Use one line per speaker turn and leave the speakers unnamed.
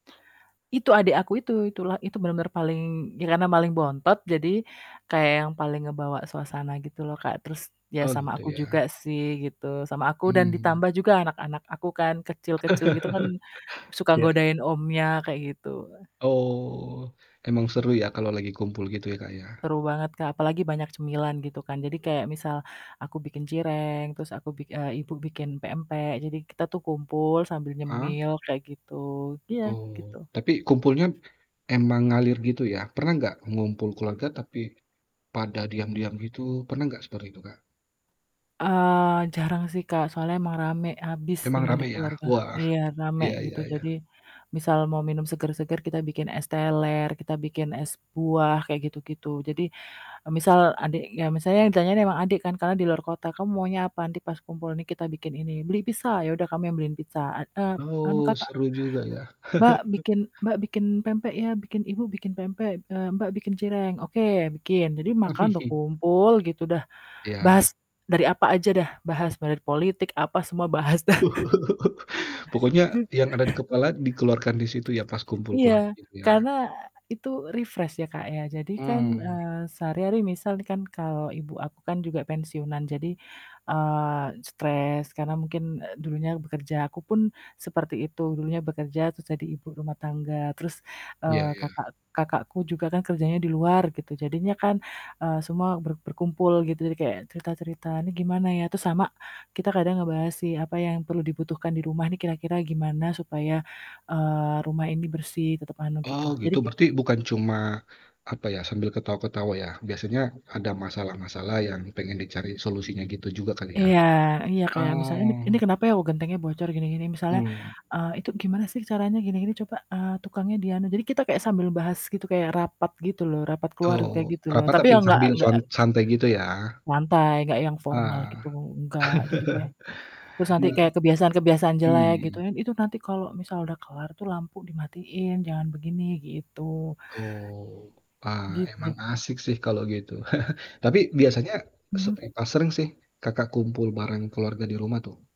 Itu adik aku itu itulah itu bener-bener paling ya karena paling bontot, jadi kayak yang paling ngebawa suasana gitu loh Kak, terus ya
Oh,
sama
gitu
aku juga
ya?
sih gitu, sama aku dan
Mmm.
ditambah juga anak-anak aku kan kecil-kecil gitu kan suka
Ya.
godain omnya kayak gitu.
Oh. Emang seru ya, kalau lagi kumpul gitu ya Kak, ya?
Seru banget Kak, apalagi banyak cemilan gitu kan, jadi kayak misal aku bikin cireng terus aku eee, Ibu bikin pempek, jadi kita tuh kumpul sambil
Ah.
nyemil kayak gitu. Iya gitu.
Oh, tapi kumpulnya emang ngalir gitu ya? Pernah nggak ngumpul keluarga, tapi pada diam-diam gitu pernah nggak seperti itu Kak?
Eee, jarang sih Kak, soalnya emang rame abis
Emang
emang di
rame ya?
keluarga.
Wah.
Iya rame
Iya iya
gitu,
iya.
jadi misal mau minum seger-seger kita bikin es teler, kita bikin es buah kayak gitu gitu. Jadi, eee, misal adiknya misalnya yang ditanya emang adik kan karena di luar kota, "Kamu maunya apa? Nanti pas kumpul nih kita bikin ini." "Beli pizza," "ya udah kami beliin pizza." "Eee eee, anu
Oh,
Kakak"
seru juga ya?
"Mbak bikin Mbak bikin pempek ya. Bikin Ibu bikin pempek, eee, Mbak bikin cireng." "Oke bikin." Jadi makan udah kumpul gitu, dah
Iya.
bahas dari apa aja dah, bahas muali dari politik apa, semua bahas dah.
Pokoknya yang ada di kepala dikeluarkan di situ ya, pas kumpul
Iya,
keluarga gitu
karena,
ya?
eee, itu refresh ya, Kak, ya. Jadi kan,
Mmm.
eee, sehari-hari misal nih kan, kalau Ibu aku kan juga pensiunan jadi, eee, stres, karena mungkin, eee, dulunya bekerja, aku pun seperti itu dulunya bekerja, terus jadi ibu rumah tangga, terus,
Iya
eee,
iya.
kakak kakakku juga kan kerjanya di luar gitu, jadinya kan, eee, semua ber berkumpul gitu, jadi kayak cerita-cerita, "Nih gimana ya?" Terus sama kita kadang ngebahas sih apa yang perlu dibutuhkan di rumah nih kira-kira gimana supaya, eee, rumah ini bersih tetep anu gitu.
Oh
Jadi
gitu,
kit
berarti bukan cuma apa ya, sambil ketawa-ketawa ya, biasanya ada masalah-masalah yang pengen dicari solusinya gitu juga kali ya?
Iya, iya kayak misalnya "Ini ini
Oh.
kenapa ya?" "oh, gentengnya bocor gini-gini." Misalnya,
Mmm.
eee, "Itu gimana sih caranya gini gini coba, eee, tukangnya di anu." Jadi kita kayak sambil bahas gitu kayak rapat gitu loh, rapat keluarga
Oh,
gitu loh,
rapat
tapi
tapi
yang enggak
sambil
enggak
san santai gitu ya?
enggak lantai, enggak yang formal
Ah.
gitu enggak. Jadi kayak terus nanti
Gimana?
kayak kebiasaan-kebiasaan jelek gitu
Mmm.
kan, "Itu nanti kalau misal udah kelar tuh lampu dimatiin, jangan begini." Gitu.
Oh. Ah, emang
Gitu.
asik sih kalo gitu, tapi biasanya
Mmm.
seberapa sering sih Kakak kumpul bareng keluarga di rumah tuh?